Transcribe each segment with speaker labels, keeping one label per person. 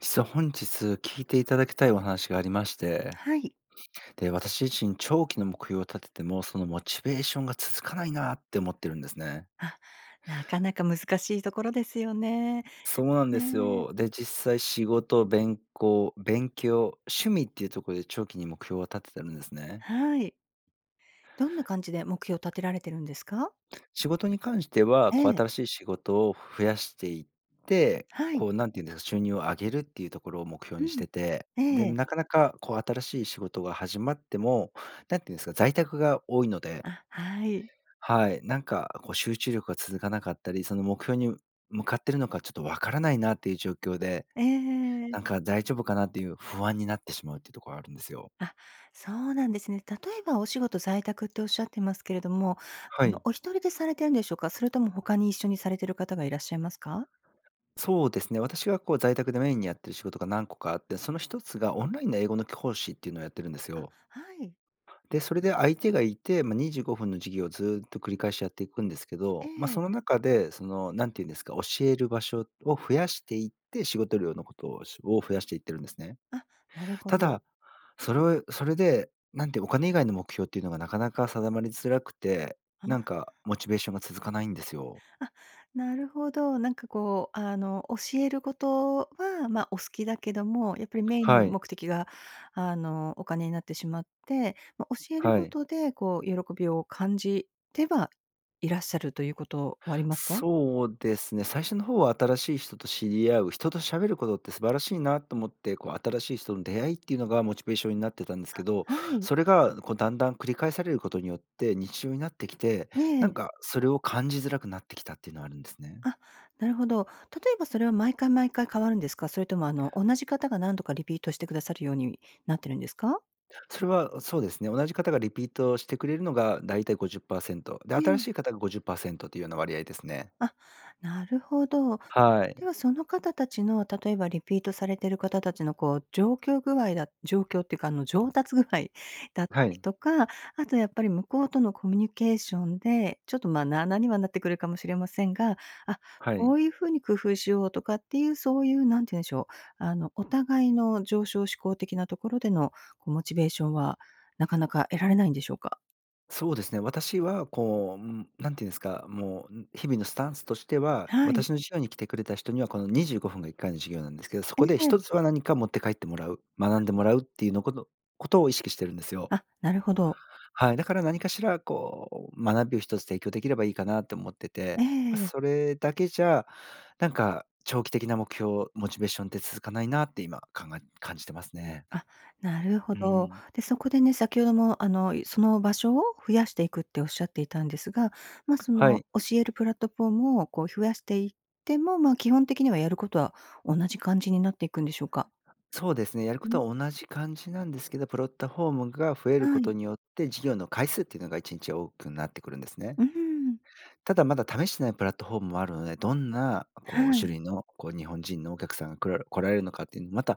Speaker 1: 実は、本日聞いていただきたいお話がありまして。
Speaker 2: はい。
Speaker 1: で、私自身長期の目標を立てても、そのモチベーションが続かないなって思ってるんですね。
Speaker 2: あ、なかなか難しいところですよね。
Speaker 1: そうなんです
Speaker 2: ね。
Speaker 1: よ。で、実際仕事、べんこう勉強、趣味っていうとこで長期に目標を立ててるんですね。
Speaker 2: はい。どんな感じで、目標を立てられてるんですか？
Speaker 1: 仕事に関しては、
Speaker 2: え
Speaker 1: こう
Speaker 2: え。
Speaker 1: 新しい仕事を増やしていって、
Speaker 2: はい。
Speaker 1: こう何て言うんですか、収入を上げるっていうところを目標
Speaker 2: う
Speaker 1: にし
Speaker 2: ん。
Speaker 1: てて、で、
Speaker 2: ええ。
Speaker 1: なかなかこう、新しい仕事が始まっても、何て言うんですか、在宅が多いので。
Speaker 2: あ、はい。
Speaker 1: はい、なんかこう集中力が続かなかったり、その目標にむ向かっているのか、ちょっとわからないなっていう状況で、
Speaker 2: ええ。
Speaker 1: なんか大丈夫かなっていう不安になってしまうっていうとこがあるんですよ。
Speaker 2: あ、そうなんですね。例えば、お仕事在宅っておっしゃってますけれども、あ
Speaker 1: は
Speaker 2: の、
Speaker 1: い。
Speaker 2: お一人でされてるんでしょうか？それとも他に一緒にされている方がいらっしゃいますか？
Speaker 1: そうですね、私がこう在宅でメインにやっている仕事が何個かあって、その一つがオンラインで英語の講師っていうのをやってるんです
Speaker 2: あ、
Speaker 1: よ。
Speaker 2: はい。
Speaker 1: で、それで相手がいて、ま、25分の授業をずっと繰り返しやっていくんですけ
Speaker 2: え
Speaker 1: ど、ま、そ
Speaker 2: え。
Speaker 1: の中で、その何て言うんですか、教える場所を増やしていって、仕事量のことをを増やしていってるんですね。
Speaker 2: あ、なるほ
Speaker 1: た
Speaker 2: ど。
Speaker 1: だ、それをそれで、なんてお金以外の目標っていうのがなかなか定まりづらくて、
Speaker 2: あ
Speaker 1: なん
Speaker 2: あ。
Speaker 1: かモチベーションが続かないんですよ。
Speaker 2: あ、なるほど。なんかこう、あの、教えることは、ま、お好きだけども、やっぱりメインの
Speaker 1: はい。
Speaker 2: 目的が、あの、お金になってしまって、ま、教える
Speaker 1: は
Speaker 2: こ
Speaker 1: い。
Speaker 2: とでこう、喜びを感じてはいらっしゃるということは、ありますか？
Speaker 1: そうですね、最初の方は新しい人と知り合う、人と喋ることって素晴らしいなと思って、こう新しい人の出会いっていうのがモチベーションになってたんですけ
Speaker 2: あ、
Speaker 1: ど、
Speaker 2: はい。
Speaker 1: それがこうだんだん繰り返されることによって、日常になってきて、
Speaker 2: え
Speaker 1: なん
Speaker 2: え。
Speaker 1: か、それを感じづらくなってきたっていうのはあるんですね。
Speaker 2: あ、なるほど。例えばそれは毎回毎回変わるんですか？それとも、あの、同じ方が何度かリピートしてくださるようになってるんですか？
Speaker 1: それはそうですね、同じ方がリピートしてくれるのがだいたい50%で
Speaker 2: ね
Speaker 1: 新
Speaker 2: ん。
Speaker 1: しい方が50%というような割合ですね。
Speaker 2: あ、なるほど。
Speaker 1: は
Speaker 2: で
Speaker 1: い。
Speaker 2: は、その方たちの、例えば、リピートされている方たちの、こう、状況具合だ状況っていうか、あの、上達具合だった
Speaker 1: は
Speaker 2: り
Speaker 1: い。
Speaker 2: とか、あとやっぱり、向こうとのコミュニケーションで、ちょっと、まあ、なあなあにはなってくるかもしれませんが、あ、
Speaker 1: は
Speaker 2: こ
Speaker 1: い。
Speaker 2: ういう風に工夫しようとかっていう、そういう、何てゆんでしょう、あの、お互いの上昇志向的なところでの、こう、モチベーションは、なかなか得られないんでしょうか？
Speaker 1: そうですね、私はこう、ん、何てゆんですか、もうん日々のスタンスとしては、
Speaker 2: はい。
Speaker 1: 私の授業に来てくれた人にはこの25分が1回の授業なんですけど、そ
Speaker 2: う
Speaker 1: こで
Speaker 2: ーん。
Speaker 1: 一つは何か持って帰ってもらう、学んでもらうっていうのことことを意識しているんですよ。
Speaker 2: あ、なるほど。
Speaker 1: はい、だから何かしらこう学びを一つ提供できればいいかなって思って
Speaker 2: え
Speaker 1: て、ま、
Speaker 2: え。
Speaker 1: それだけじゃなんか長期的な目標、モチベーションって続かないなって今考え感じてますね。
Speaker 2: あ、なるほ
Speaker 1: う
Speaker 2: ど。
Speaker 1: ん。
Speaker 2: で、そこでね、先ほども、あの、その場所を、増やしていくっておっしゃっていたんですが、ま、そ
Speaker 1: はい。
Speaker 2: の、教えるプラットフォームをこう増やしていっても、まあ、基本的にはやることは同じ感じになっていくんでしょうか？
Speaker 1: そうですね、やる
Speaker 2: う
Speaker 1: こ
Speaker 2: ん。
Speaker 1: とは同じ感じなんですけど、プラットフォームが増える
Speaker 2: は
Speaker 1: こ
Speaker 2: い。
Speaker 1: とによって授業の回数っていうのが1日多くなってくるんですね。
Speaker 2: うーん。
Speaker 1: ただ、まだ試してないプラットフォームもあるので、どんな、こう、
Speaker 2: はい。
Speaker 1: 種類の、こう、日本人のお客さんが来ら来られるのかっていうの、また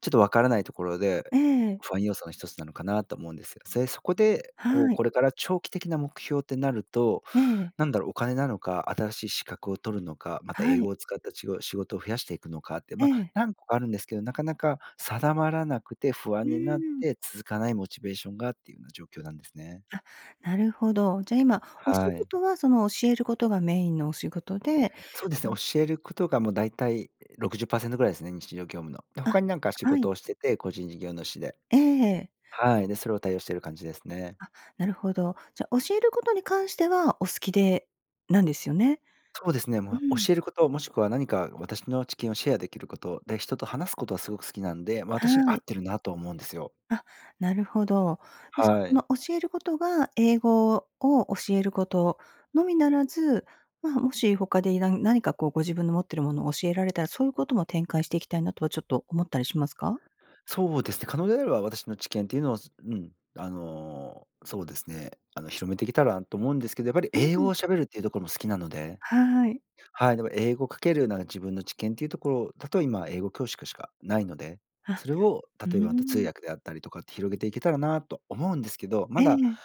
Speaker 1: ちょっとわからないところで、
Speaker 2: ええ。
Speaker 1: 不安要素の一つなのかなと思うんですよ。それ、そこで、こう、
Speaker 2: はい。
Speaker 1: これから長期的な目標ってなると、
Speaker 2: ええ。
Speaker 1: なんだろう、お金なのか、新しい資格を取るのか、また
Speaker 2: は
Speaker 1: 英
Speaker 2: い。
Speaker 1: 語を使ったしご仕事を増やしていくのかって、
Speaker 2: え
Speaker 1: ま、
Speaker 2: え。
Speaker 1: 何個かあるんですけど、なかなか定まらなくて不
Speaker 2: う
Speaker 1: 安になっ
Speaker 2: ーん。
Speaker 1: て続かないモチベーションがっていうような状況なんですね。
Speaker 2: あ、なるほど。じゃあ、今、お仕
Speaker 1: はい。
Speaker 2: 事は、その、教えることがメインのお仕事で
Speaker 1: そうですね。
Speaker 2: ん。
Speaker 1: 教えることがもう大体60%ぐらいですね。日常業務の。で、
Speaker 2: あ、
Speaker 1: 他に何か仕
Speaker 2: はい
Speaker 1: 事をしてて、個人事業主で。
Speaker 2: ええ。
Speaker 1: はい、で、それを対応している感じですね。
Speaker 2: あ、なるほど。じゃ、教えることに関しては、お好きでなんですよね。
Speaker 1: そうですね。
Speaker 2: うー
Speaker 1: ま、
Speaker 2: ん。
Speaker 1: 教えること、もしくは何か私の知見をシェアできること、で、人と話すことはすごく好きなんで、ま私に
Speaker 2: は
Speaker 1: 合
Speaker 2: い。
Speaker 1: ってるなと思うんですよ。
Speaker 2: あ、なるほど。うす
Speaker 1: は
Speaker 2: その
Speaker 1: い。
Speaker 2: 教えることが英語を教えること、のみならず、まあ、もし他で何何かこうご自分の持ってるものを教えられたら、そういうことも展開していきたいなとはちょっと思ったりしますか？
Speaker 1: そうですね。可能であれば私の知見というのを、すうん、あの、そうですね。あの、広めてきたらと思うんですけど、やっぱり
Speaker 2: あ
Speaker 1: 英語
Speaker 2: に。
Speaker 1: を喋るっていうところも好きなので。
Speaker 2: はい。
Speaker 1: はい、でも英語かけるような自分の知見というところ、例え、ま、今英語教師しかしかないので、
Speaker 2: あ、
Speaker 1: それを
Speaker 2: うー
Speaker 1: 例えばまた、通
Speaker 2: ん。
Speaker 1: 訳であったりとかって広げていけたらなと思うんですけど、
Speaker 2: え
Speaker 1: まだ、
Speaker 2: え。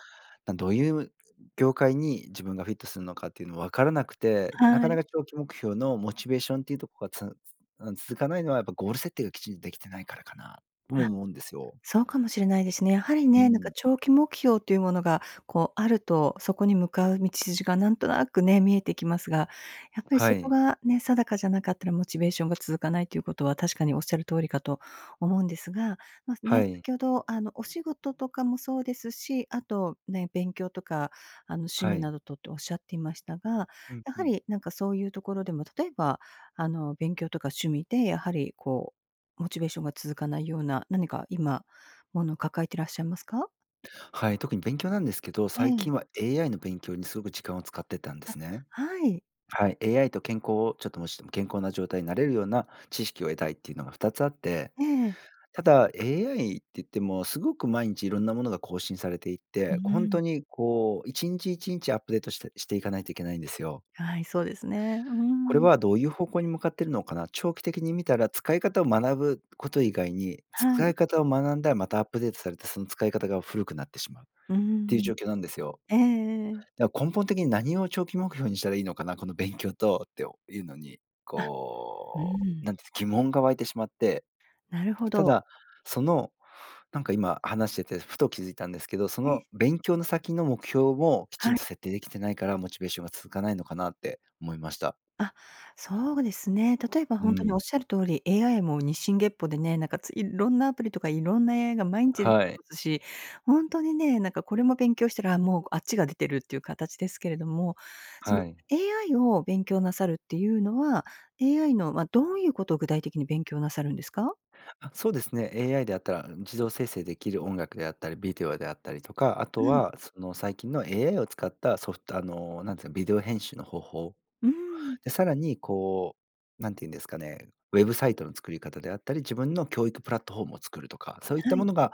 Speaker 1: なんどういう業界に自分がフィットするのかっていうのは分からなくて、な
Speaker 2: は
Speaker 1: かな
Speaker 2: い。
Speaker 1: か長期目標のモチベーションっていうところがつ-つうん、続かないのはやっぱゴール設定がきちんとできてないからかなとも
Speaker 2: あ、
Speaker 1: 思うんですよ。
Speaker 2: そうかもしれないですね。やはり
Speaker 1: う
Speaker 2: ね、なんか
Speaker 1: ん。
Speaker 2: 長期目標というものがこう、あると、そこに向かう道筋がなんとなくね、見えてきますが、やっぱり
Speaker 1: は
Speaker 2: そこ
Speaker 1: い。
Speaker 2: がね、定かじゃなかったらモチベーションが続かないということは確かにおっしゃる通りかと思うんですが、ま、ね、
Speaker 1: はい。
Speaker 2: 先ほど、あの、お仕事とかもそうですし、あとね、勉強とか、あの、趣
Speaker 1: は
Speaker 2: 味
Speaker 1: い。
Speaker 2: などとっておっしゃっていましたが、
Speaker 1: うん、
Speaker 2: や
Speaker 1: う
Speaker 2: は
Speaker 1: ん。
Speaker 2: り、なんかそういうところでも、例えば、あの、勉強とか趣味で、やはり、こう、モチベーションが続かないような、何か今、ものを抱えてらっしゃいますか？
Speaker 1: はい、特に勉強なんですけど、
Speaker 2: え
Speaker 1: 最
Speaker 2: え。
Speaker 1: 近は AI の勉強にすごく時間を使ってたんです
Speaker 2: あ、
Speaker 1: ね。
Speaker 2: はい。
Speaker 1: はい、AI と健康をちょっともしも健康な状態になれるような知識を得たいっていうのが2つあって。
Speaker 2: ええ。
Speaker 1: ただ、AI って言ってもすごく毎日いろんなものが更新されてい
Speaker 2: う
Speaker 1: て、ほん
Speaker 2: ん。
Speaker 1: とにこう一日一日アップデートしてしていかないといけないんですよ。
Speaker 2: はい、そうですね。う
Speaker 1: これ
Speaker 2: ん。
Speaker 1: はどういう方向に向かっているのかな、長期的に見たら使い方を学ぶこと以外に、
Speaker 2: は
Speaker 1: 使い
Speaker 2: い。
Speaker 1: 方を学んだらまた、アップデートされてその使い方が古くなってしまうっ
Speaker 2: う
Speaker 1: ていう
Speaker 2: ん。
Speaker 1: 状況なんですよ。
Speaker 2: ええええ。
Speaker 1: だ根本的に何を長期目標にしたらいいのかな、この勉強とっておいうのに、
Speaker 2: あ、う
Speaker 1: こうな
Speaker 2: ん。
Speaker 1: んてゆんすか、疑問が湧いてしまって、
Speaker 2: なるほ
Speaker 1: た
Speaker 2: ど。
Speaker 1: だその、なんか今話しててふと気づいたんですけど、そ
Speaker 2: え。
Speaker 1: の勉強の先の目標をきち
Speaker 2: は
Speaker 1: んと
Speaker 2: い。
Speaker 1: 設定できてないからモチベーションが続かないのかなって思いました。
Speaker 2: あ、そうですね。例えば
Speaker 1: うー
Speaker 2: ほんとにお
Speaker 1: ん。
Speaker 2: っしゃる通り、AI も日進月歩でね、なんかついっろんなアプリとかいろんな AI が毎日出
Speaker 1: はい。
Speaker 2: ますし、ほんとにね、なんかこれも勉強したら、もうあっちが出てるっていう形ですけれども、その
Speaker 1: はい。
Speaker 2: AI を勉強なさるっていうのは、AI の、ま、どういうことを具体的に勉強なさるんですか？
Speaker 1: あ、そうですね、AI であったらん自動生成できる音楽であったりビデオであったりとか、あと
Speaker 2: はい。
Speaker 1: はその最近の AI を使ったソフト、あの、なんていうかビデオ編集の方法。
Speaker 2: うーん。
Speaker 1: でさらにこう何て言うんですかね、ウェブサイトの作り方であったり、自分の教育プラットフォームを作るとか、そういっ
Speaker 2: は
Speaker 1: たも
Speaker 2: い。
Speaker 1: のが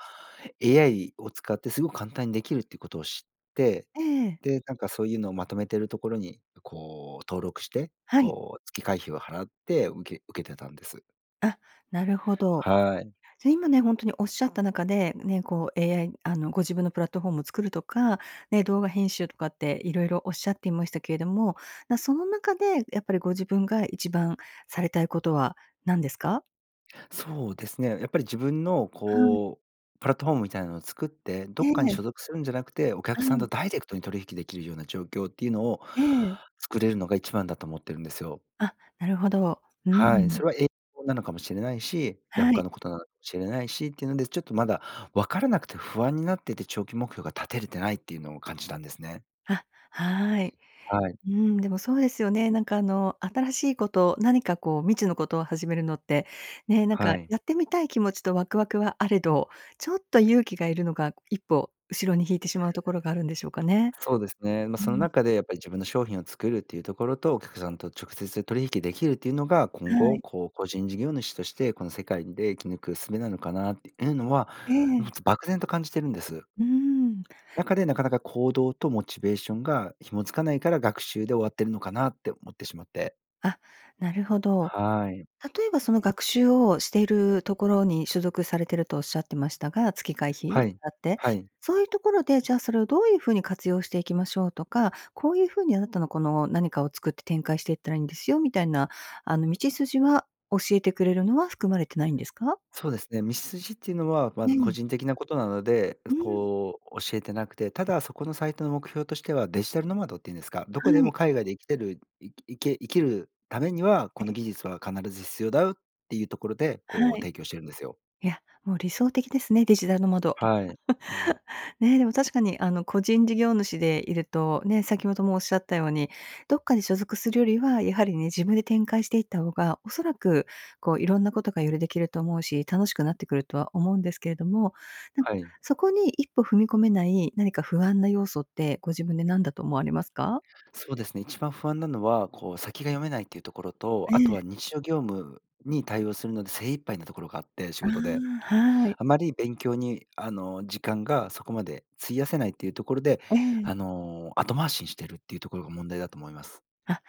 Speaker 1: AI を使ってすごく簡単にできるっていうことを知って、
Speaker 2: ええ。
Speaker 1: でなんかそういうのをまとめてるところにこう登録して、
Speaker 2: はい。
Speaker 1: こう月会費を払って受け受けてたんです。
Speaker 2: あ、なるほど。
Speaker 1: はい。
Speaker 2: じゃ、今ね、ほんとにおっしゃった中で、ね、こう、AI あの、ご自分のプラットフォームを作るとか、ね、動画編集とかっていろいろおっしゃっていましたけれども、ま、その中で、やっぱりご自分が一番されたいことは何ですか？
Speaker 1: そうですね。やっぱり自分の
Speaker 2: はい。
Speaker 1: こうプラットフォームみたいなのを作って、ど
Speaker 2: え
Speaker 1: っかに
Speaker 2: え。
Speaker 1: 所属するんじゃなくて、お
Speaker 2: は
Speaker 1: 客さん
Speaker 2: い。
Speaker 1: とダイレクトに取引できるような状況っていうのを
Speaker 2: ええ。
Speaker 1: 作れるのが、一番だと思ってるんですよ。
Speaker 2: あ、なるほど。うー
Speaker 1: はい。そ
Speaker 2: ん。
Speaker 1: れは英語なのかもしれないし、いや
Speaker 2: はい。
Speaker 1: 他のことなのしれないしっていうので、ちょっとまだ分からなくて、不安になってて、長期目標が立てれてないっていうのを感じたんですね。
Speaker 2: あ、はい。
Speaker 1: はい。
Speaker 2: うーん、でもそうですよね。なんかあの、新しいこと、何かこう、未知のことを始めるのって、ね、なんか、
Speaker 1: はい。
Speaker 2: やってみたい気持ちとワクワクはあれど、ちょっと勇気が要るのが、一歩後ろに引いてしまうところがあるんでしょうかね。
Speaker 1: そうですね。ま、
Speaker 2: うー
Speaker 1: その
Speaker 2: ん。
Speaker 1: 中でやっぱり自分の商品を作るっていうところと、お客さんと直接取引できるっていうのが、今
Speaker 2: は
Speaker 1: 後
Speaker 2: い。
Speaker 1: こう個人事業主として、この世界で生き抜くすべなのかなっていうのは、
Speaker 2: え
Speaker 1: も
Speaker 2: え。
Speaker 1: つ漠然と感じてるんです。
Speaker 2: うーん。
Speaker 1: なかで、なかなか、行動とモチベーションが紐付かないから、学習で終わってるのかなって思ってしまって。
Speaker 2: あ、なるほど。
Speaker 1: はい。
Speaker 2: 例えば、その学習をしているところに所属されてるとおっしゃってましたが、月会
Speaker 1: は
Speaker 2: 費
Speaker 1: い。
Speaker 2: 払って。
Speaker 1: はい。
Speaker 2: そういうところで、じゃあ、それをどういう風に活用していきましょうとか、こういう風にあなたの、この何かを作って展開していったらいいんですよ、みたいな、あの、道筋は教えてくれるのは含まれてないんですか？
Speaker 1: そうですね、道筋っていうのはま
Speaker 2: え
Speaker 1: ず個
Speaker 2: え。
Speaker 1: 人的なことなので、
Speaker 2: うーん。
Speaker 1: こう教えてなくて、ただそこのサイトの目標としてはデジタルノマドっていうんですか？ど
Speaker 2: は
Speaker 1: こでも
Speaker 2: い。
Speaker 1: 海外で生きてる生き生け生きるためには、こ
Speaker 2: え
Speaker 1: の
Speaker 2: え。
Speaker 1: 技術は必ず必要だよっていうところで、
Speaker 2: は
Speaker 1: こう
Speaker 2: い。
Speaker 1: 提供しているんですよ。
Speaker 2: いや、もう理想的ですね、デジタルノマド。
Speaker 1: はい。うん。
Speaker 2: ね。でも、確かに、あの、個人事業主でいると、ね、先ほどもおっしゃったように、どっかに所属するよりは、やはりね、自分で展開していったほうが、おそらく、こう、色んなことがよりできると思うし、楽しくなってくるとは思うんですけれども。なん
Speaker 1: は
Speaker 2: か、
Speaker 1: い。
Speaker 2: そこに一歩踏み込めない、何か不安な要素って、ご自分で何だと思われますか？
Speaker 1: そうですね、一番不安なのは、こう先が読めないっていうところと、あ
Speaker 2: え
Speaker 1: と
Speaker 2: え。
Speaker 1: は日常業務に対応するので精一杯なところがあって、仕
Speaker 2: あ
Speaker 1: 事で。
Speaker 2: あ、はい。
Speaker 1: あまり勉強に、あの、時間がそこまで費やせないっていうところで、
Speaker 2: ええ。
Speaker 1: あの、後回しにしてるっていうところが問題だと思います。
Speaker 2: あ、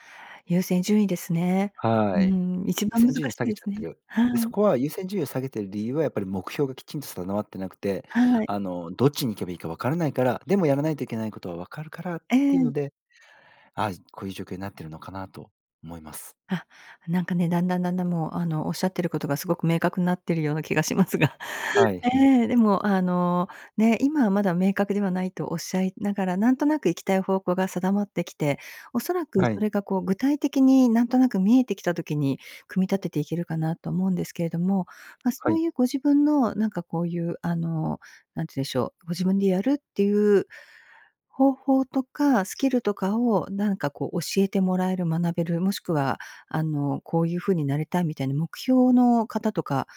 Speaker 2: 優先順位ですね。うー
Speaker 1: はい。
Speaker 2: ん、一
Speaker 1: 優
Speaker 2: 番難
Speaker 1: 先順位を
Speaker 2: し
Speaker 1: 下
Speaker 2: い
Speaker 1: げ
Speaker 2: で
Speaker 1: ちゃ
Speaker 2: す
Speaker 1: って
Speaker 2: ね。
Speaker 1: る。
Speaker 2: は
Speaker 1: で、そ
Speaker 2: い。
Speaker 1: こは優先順位を下げてる理由は、やっぱり目標がきちんと定まってなくて、
Speaker 2: はい。
Speaker 1: あの、どっちに行けばいいか分からないから。でも、やらないといけないことは分かるからっ
Speaker 2: え
Speaker 1: ていう
Speaker 2: え。
Speaker 1: ので。あ、こういう状況になってるのかなと思います。
Speaker 2: あ、なんかね、段々段々、もう、あの、おっしゃってることがすごく明確になってるような気がしますが。
Speaker 1: はい、ひ。
Speaker 2: ええ、でも、あの、ね、今はまだ明確ではないとおっしゃいながら、なんとなく行きたい方向が定まってきて、おそらく
Speaker 1: は
Speaker 2: そ
Speaker 1: い。
Speaker 2: れがこう、具体的になんとなく見えてきた時に、組み立てていけるかなと思うんですけれども。ま、そ
Speaker 1: は
Speaker 2: う
Speaker 1: い。
Speaker 2: いうご自分の、なんかこういう、あの、何て言うんでしょう、ご自分でやるっていう、方法とか、スキルとかを、なんかこう、教えてもらえる、学べる、もしくは、あの、こういう風になれたいみたいな、目標の方とか、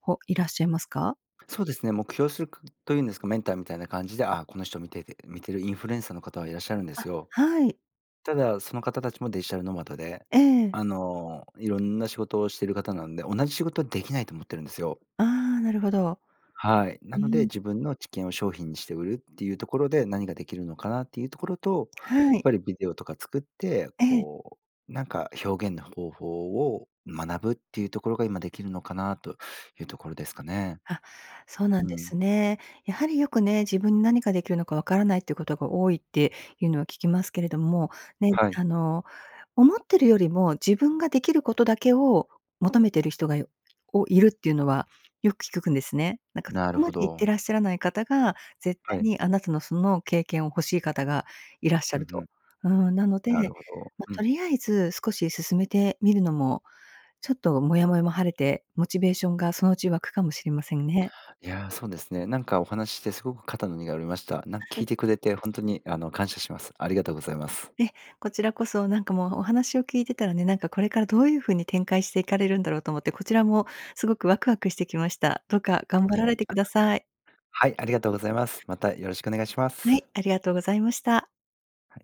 Speaker 2: ほいらっしゃいますか？
Speaker 1: そうですね、目標するというんですか、メンターみたいな感じで、あ、この人を見ていて見てるインフルエンサーの方はいらっしゃるんで
Speaker 2: あ、
Speaker 1: すよ。
Speaker 2: はい。
Speaker 1: ただ、その方たちもデジタルノマドで、
Speaker 2: ええ。
Speaker 1: あの色んな仕事をしてる方なんで、同じ仕事はできないと思ってるんですよ。
Speaker 2: ああ、なるほど。
Speaker 1: はい、な
Speaker 2: うー
Speaker 1: ので、
Speaker 2: ん。
Speaker 1: 自分の知見を商品にして売るっていうところで、何ができるのかなっていうところと、や
Speaker 2: は
Speaker 1: っ
Speaker 2: い。
Speaker 1: ぱりビデオとか作って
Speaker 2: ええ。
Speaker 1: こう、なんか、表現の方法を学ぶっていうところが、今できるのかなというところですかね。
Speaker 2: あ、そうなん
Speaker 1: う
Speaker 2: で
Speaker 1: ん。
Speaker 2: すね。やはり、よくね、自分に何ができるのか分からないっていうことが多いっていうのは聞きますけれども。ね、
Speaker 1: はい。
Speaker 2: あの、思ってるよりも、自分ができることだけを求めてる人が、おいるっていうのは、よく聞くくんですね。なんか、そ
Speaker 1: なる
Speaker 2: こま
Speaker 1: ほ
Speaker 2: でいって
Speaker 1: ど。
Speaker 2: らっしゃらない方が、絶対
Speaker 1: はい。
Speaker 2: に、あなたの、その経験を欲しい方がいらっしゃ
Speaker 1: うん
Speaker 2: る
Speaker 1: う
Speaker 2: と。
Speaker 1: ん。
Speaker 2: うーん。なの
Speaker 1: な
Speaker 2: で、
Speaker 1: るほど。
Speaker 2: ま、
Speaker 1: う
Speaker 2: と
Speaker 1: ん。
Speaker 2: りあえず、少し進めてみるのも、ちょっと、もやもやも晴れて、モチベーションがそのうち湧くかもしれませんね。
Speaker 1: いや、そうですね。なんかお話ししてすごく肩の荷が降りました。なんか、聞い
Speaker 2: [unintelligible]
Speaker 1: てくれて、ほんとにあの、感謝します。ありがとうございます。
Speaker 2: え、こちらこそ、なんかもうお話を聞いてたらね、なんかこれからどういう風に展開していかれるんだろうと思って、こちらもすごくワクワクしてきました。どうか頑
Speaker 1: い
Speaker 2: 張ら
Speaker 1: や。
Speaker 2: れてください。
Speaker 1: はい、ありがとうございます。また、よろしくお願いしま
Speaker 2: はい、
Speaker 1: す。
Speaker 2: ありがとうございました。
Speaker 1: はい。